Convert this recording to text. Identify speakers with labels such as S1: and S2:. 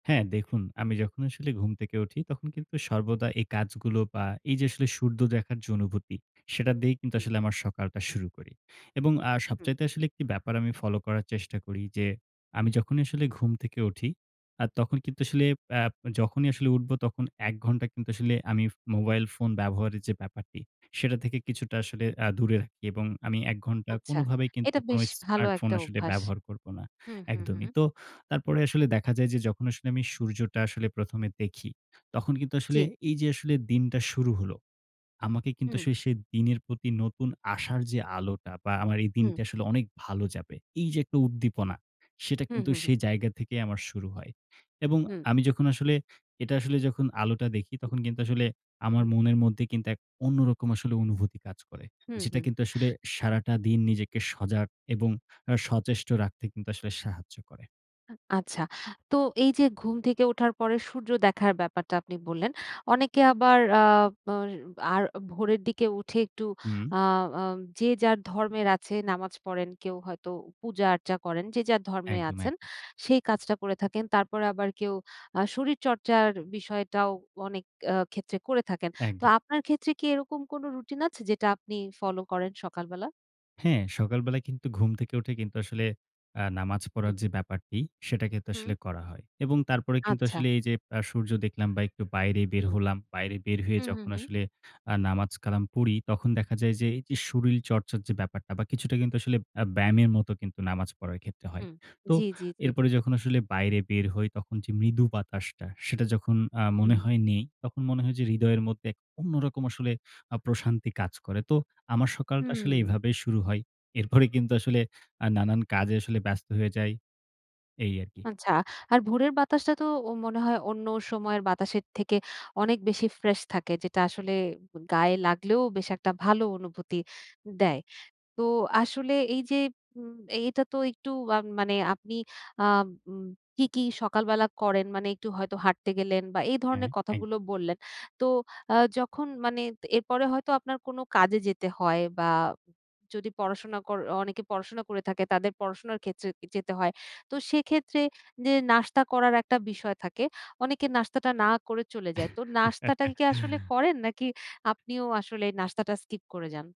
S1: হ্যাঁ দেখুন, আমি যখন আসলে ঘুম থেকে উঠি তখন কিন্তু সর্বদা এ কাজগুলো বা এই যে আসলে সূর্য দেখার যে অনুভূতি, সেটা দিয়েই কিন্তু
S2: হুম।
S1: আসলে সকালটা শুরু করি। এবং আ
S2: হুম।
S1: সবচাইতে আসলে ১ টি ব্যাপার আমি ফলো করার চেষ্টা করি যে আমি যখনই আসলে ঘুম থেকে উঠি, আ তখন কিন্তু আসলে অ্যা যখনই আসলে উঠবো তখন ১ ঘন্টা কিন্তু আসলে আমি মোবাইল ফোন ব্যবহারের যে ব্যাপারটি, সেটা থেকে কিছুটা আসলে অ্যা দূরে রাখি। এবং আমি ১ ঘন্টা
S2: আচ্ছা।
S1: কোনভাবেই কিন্তু
S2: এটা
S1: কোনো
S2: বেশ ভালো
S1: স্মার্টফোন
S2: একটা
S1: আসলে
S2: অভ্যাস।
S1: ব্যবহার করব না,
S2: হু, হু, হু।
S1: একদমই। তো তারপরে আসলে দেখা যায় যে যখন আসলে আমি সূর্যটা আসলে ১ম এ দেখি, তখন কিন্তু আসলে
S2: জি।
S1: এই যে আসলে দিনটা শুরু হলো। আমাকে কিন্তু
S2: হুম।
S1: সেই দিনের প্রতি নতুন আশার যে আলোটা বা আমার এই দিনটা
S2: হু।
S1: আসলে অনেক ভালো যাবে। এই যে একটা উদ্দীপনা, সেটা
S2: হু,
S1: কিন্তু
S2: হু, হু।
S1: সেই জায়গা থেকেই আমার শুরু হয়। এবং
S2: হুম।
S1: আমি যখন আসলে এটা আসলে যখন আলোটা দেখি, তখন কিন্তু আসলে আমার
S2: হু।
S1: মনের মধ্যে কিন্তু এক অন্যরকম আসলে অনুভূতি কাজ করে।
S2: হু,
S1: যেটা
S2: হু।
S1: কিন্তু আসলে সারাটা দিন নিজেকে সজাগ এবং আ সচেষ্ট রাখতে কিন্তু আসলে সাহায্য করে।
S2: আ আচ্ছা। তো এই যে ঘুম থেকে ওঠার পরে সূর্য দেখার ব্যাপারটা আপনি বললেন। অনেকে আবার আ অ আর ভোরের দিকে উঠে একটু
S1: হুম।
S2: আ আ যে যার ধর্মের আছে নামাজ পড়েন, কেউ হয়তো পূজা-আর্চা করেন, যে যার ধর্মে
S1: একদম,
S2: আছেন
S1: একদ
S2: সেই কাজটা করে থাকেন। তারপরে আবার কেউ আ শরীরচর্চার বিষয়টাও অনেক আ ক্ষেত্রে করে থাকেন। তো
S1: একদম।
S2: আপনার ক্ষেত্রে কি এরকম কোন রুটিন আছে যেটা আপনি ফলো করেন সকালবেলা?
S1: হ্যাঁ, সকালবেলাউ কিন্তু ঘুম থেকে উঠে কিন্তু আসলে অ্যা নামাজ
S2: হুম।
S1: পড়ার যে ব্যাপারটি, সেটা কিন্তু
S2: হুম।
S1: আসলে করা হয়। এবং তারপরে কিন্তু
S2: আচ্ছা।
S1: আসলে এই যে আ সূর্য দেখলাম বা একটু বাইরে
S2: হু,
S1: বের হলাম। বাইরে বের হয়ে
S2: হু, হু,
S1: যখন
S2: হু।
S1: আসলে আ নামাজ-কালাম পড়ি, তখন দেখা যায় যে এইযে শরীল চর্চার যে ব্যাপারটা বা কিছুটা কিন্তু আসলে অ্যা ব্যায়ামের মত কিন্তু নামাজ পড়ার ক্ষেত্রে হয়।
S2: হুম।
S1: তো
S2: জি, জি, জি।
S1: এরপরে যখন আসলে বাইরে বের হই, তখন যে মৃদু বাতাসটা, সেটা যখন আ
S2: হুম।
S1: মনে হয় নেই, তখন মনে হয় যে হৃদয়ের মধ্যে এক অন্যরকম আসলে আ প্রশান্তি কাজ করে। তো আমার সকালটা আসলে
S2: হুম।
S1: এভাবেই শুরু হয়। এরপরে কিন্তু আসলে আ নানান কাজে আসলে ব্যস্ত হয়ে যাই। এই আরকি।
S2: আচ্ছা। আর ভোরের বাতাসটা তো ও মনে হয় অন্য সময়ের বাতাসের থেকে অনেক বেশি ফ্রেশ থাকে। যেটা আসলে উম গায়ে লাগলেও বেশ একটা ভালো অনুভূতি দেয়। তো আসলে এই যে উম এইটা তো একটু আ মানে আপনি আ উম কি, কি সকালবেলা করেন মানে একটু হয়তো হাঁটতে গেলেন বা এই ধরনের
S1: হ্যাঁ এক
S2: কথাগুলো বললেন। তো আ যখন মানে তে এরপরে হয়তো আপনার কোনো কাজে যেতে হয় বা যদি পড়াশোনা কর অনেকে পড়াশোনা করে থাকে তাদের পড়াশোনার ক্ষেত্রে যেতে হয়। তো সেক্ষেত্রে যে নাস্তা করার একটা বিষয় থাকে, অনেকে নাস্তাটা না করে চলে যায়। তো নাস্তাটা কি আসলে করেন নাকি আপনিও আসলে এই নাস্তাটা স্কিপ করে যান?